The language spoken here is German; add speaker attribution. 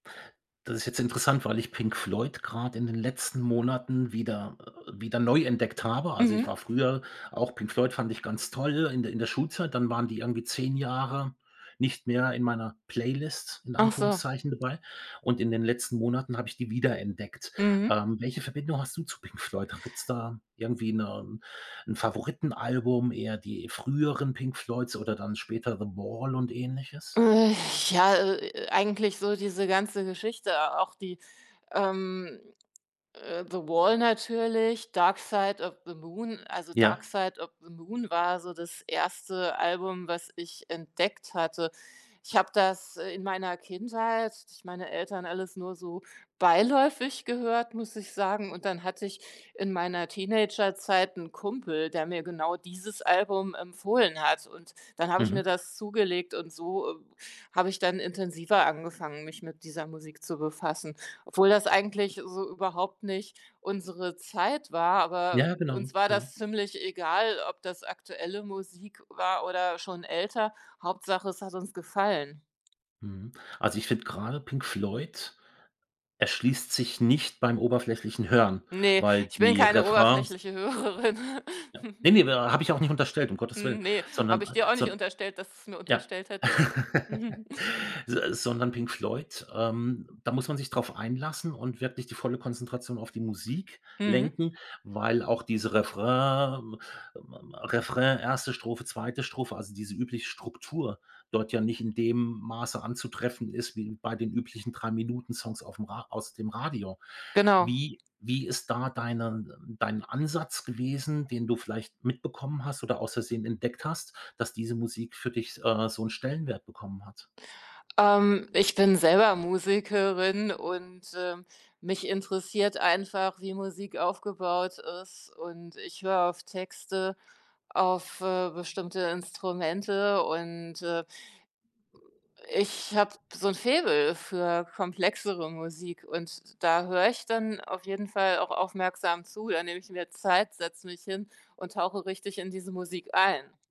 Speaker 1: Das ist jetzt interessant, weil ich Pink Floyd grad in den letzten Monaten wieder, äh wieder neu entdeckt habe. Also, ich war
Speaker 2: Mhm.
Speaker 1: früher auch Pink Floyd fand ich ganz toll in der in der Schulzeit. Dann waren die irgendwie 10 Jahre nicht mehr in meiner Playlist in
Speaker 2: Ach so.
Speaker 1: Anführungszeichen dabei und in den letzten Monaten habe ich die wiederentdeckt.
Speaker 2: Mhm.
Speaker 1: Ähm, welche Verbindung hast du zu Pink Floyd? Gibt's da irgendwie 'ne 'n Favoritenalbum, eher die früheren Pink Floyds oder dann später The Wall und Ähnliches?
Speaker 2: Äh, ja, äh äh, eigentlich so diese ganze Geschichte, auch die, ähm, äh The Wall natürlich, Dark Side of the Moon. Also, Dark
Speaker 1: Ja.
Speaker 2: Side of the Moon war so das 1. Album, was ich entdeckt hatte. Ich habe das, äh, in meiner Kindheit durch meine Eltern alles nur so beiläufig gehört, muss ich sagen. Und dann hatte ich in meiner Teenagerzeit 'n Kumpel, der mir genau dieses Album empfohlen hat und dann habe ich mir
Speaker 1: Mhm.
Speaker 2: das zugelegt und so, äh habe ich dann intensiver angefangen, mich mit dieser Musik zu befassen. Obwohl das eigentlich so überhaupt nicht unsere Zeit war, aber
Speaker 1: Ja, genau,
Speaker 2: uns war
Speaker 1: genau.
Speaker 2: das ziemlich egal, ob das aktuelle Musik war oder schon älter, Hauptsache, es hat uns gefallen.
Speaker 1: Mhm. Also, ich finde grade Pink Floyd erschließt sich nicht beim oberflächlichen Hören,
Speaker 2: Ne,
Speaker 1: weil
Speaker 2: ich bin
Speaker 1: die
Speaker 2: keine
Speaker 1: Refrains
Speaker 2: oberflächliche Hörerin.
Speaker 1: Ja. Ne, ne, aber habe ich auch nicht unterstellt, um Gottes willen,
Speaker 2: Ne,
Speaker 1: sondern
Speaker 2: habe ich
Speaker 1: a
Speaker 2: dir auch
Speaker 1: so
Speaker 2: nicht
Speaker 1: 'n
Speaker 2: unterstellt, dass du's mir
Speaker 1: Ja.
Speaker 2: unterstellt hättest.
Speaker 1: Se sondern Pink Floyd, ähm, da muss man sich drauf einlassen und wirklich die volle Konzentration auf die Musik
Speaker 2: Mhm.
Speaker 1: lenken, weil auch diese Refrain, ma ma Refrain, 1. Strophe, 2. Strophe, also, diese übliche Struktur dort ja nicht in dem Maße anzutreffen ist wie bei den üblichen Drei-Minuten-Songs auf'm Ra aus dem Radio.
Speaker 2: Genau.
Speaker 1: Wie wie ist da deine ähm, dein Ansatz gewesen, den du vielleicht mitbekommen hast oder aus Versehen entdeckt hast, dass diese Musik für dich, äh, so 'n Stellenwert bekommen hat?
Speaker 2: Ähm, ich bin selber Musikerin und, ähm, mich interessiert einfach, wie Musik aufgebaut ist und ich höre auf Texte, auf, äh, bestimmte Instrumente und, äh ich habe so 'n Faible für komplexere Musik und da höre ich dann auf jeden Fall auch aufmerksam zu. Da nehme ich mir Zeit, setze mich hin und tauche richtig in diese Musik ein.